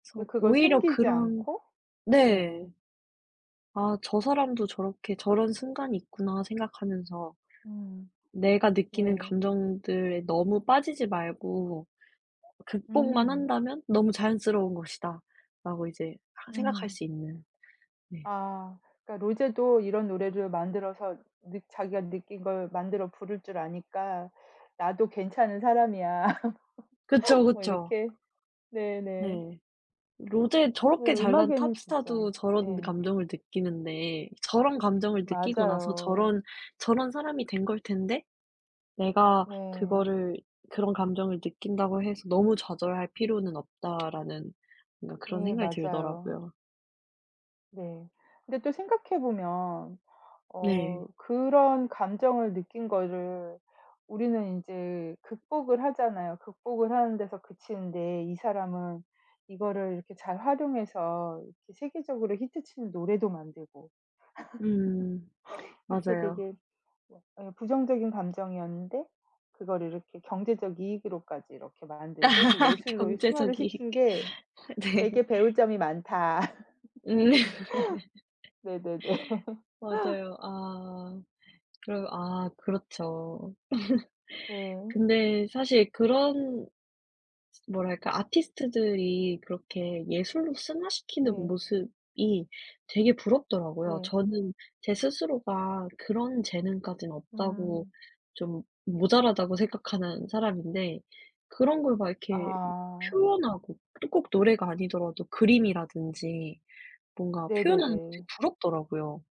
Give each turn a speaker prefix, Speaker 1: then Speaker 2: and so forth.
Speaker 1: 전
Speaker 2: 네 그걸
Speaker 1: 오히려
Speaker 2: 숨기지
Speaker 1: 그런
Speaker 2: 않고.
Speaker 1: 네.
Speaker 2: 예.
Speaker 1: '아 저 사람도 저렇게 저런 순간이 있구나.' 생각하면서
Speaker 2: 음.
Speaker 1: '내가 느끼는
Speaker 2: 네.
Speaker 1: 감정들에 너무 빠지지 말고 극복만
Speaker 2: 음.
Speaker 1: 한다면 너무 자연스러운 것이다.'라고 이제 하 생각할
Speaker 2: 음.
Speaker 1: 수 있는 네.
Speaker 2: 아 그러니까 '로제도 이런 노래를 만들어서 느 자기가 느낀 걸 만들어 부를 줄 아니까 나도 괜찮은 사람이야.'
Speaker 1: 그쵸,
Speaker 2: 뭐
Speaker 1: 그쵸.
Speaker 2: 이렇게. 네네.
Speaker 1: 네. 로제
Speaker 2: 네
Speaker 1: 저렇게 잘난
Speaker 2: 음악에는 진짜
Speaker 1: 탑스타도 저런
Speaker 2: 예.
Speaker 1: 감정을 느끼는데 저런 감정을 느끼고 나서
Speaker 2: 맞아요.
Speaker 1: 저런 저런 사람이 된 걸 텐데 '내가
Speaker 2: 네.
Speaker 1: 그거를 그런 감정을 느낀다고 해서 너무 좌절할 필요는 없다.'라는 뭔가 그런
Speaker 2: 예
Speaker 1: 생각이
Speaker 2: 맞아요.
Speaker 1: 들더라고요.
Speaker 2: 네. 근데 또 생각해 보면
Speaker 1: 네.
Speaker 2: 어 그런 감정을 느낀 거를 우리는 인제 극복을 하잖아요. 극복을 하는 데서 그치는데 이 사람은 이거를 이렇게 잘 활용해서 이렇게 세계적으로 히트 치는 노래도 만들고.
Speaker 1: 음.
Speaker 2: 이렇게
Speaker 1: 맞아요.
Speaker 2: 되게 뭐 예 부정적인 감정이었는데 그거를 이렇게 경제적 이익으로까지 이렇게 만들고 또 예술로 승화를
Speaker 1: 경제적 이익.
Speaker 2: 시킨 게
Speaker 1: 네.
Speaker 2: 되게 배울 점이 많다.
Speaker 1: 음.
Speaker 2: 네네네.
Speaker 1: 맞아요. 아. 그러 아 그렇죠.
Speaker 2: 예.
Speaker 1: 근데 사실 그런 뭐랄까 아티스트들이 그렇게 예술로 승화시키는
Speaker 2: 네.
Speaker 1: 모습이 되게 부럽더라고요.
Speaker 2: 네.
Speaker 1: 저는 제 스스로가 그런 재능까지는 없다고
Speaker 2: 음.
Speaker 1: 좀 모자라다고 생각하는 사람인데 그런 걸 막 이렇게
Speaker 2: 아.
Speaker 1: 표현하고 또 꼭 노래가 아니더라도 그림이라든지 뭔가 표현하는 게 되게
Speaker 2: 네네네.
Speaker 1: 부럽더라고요.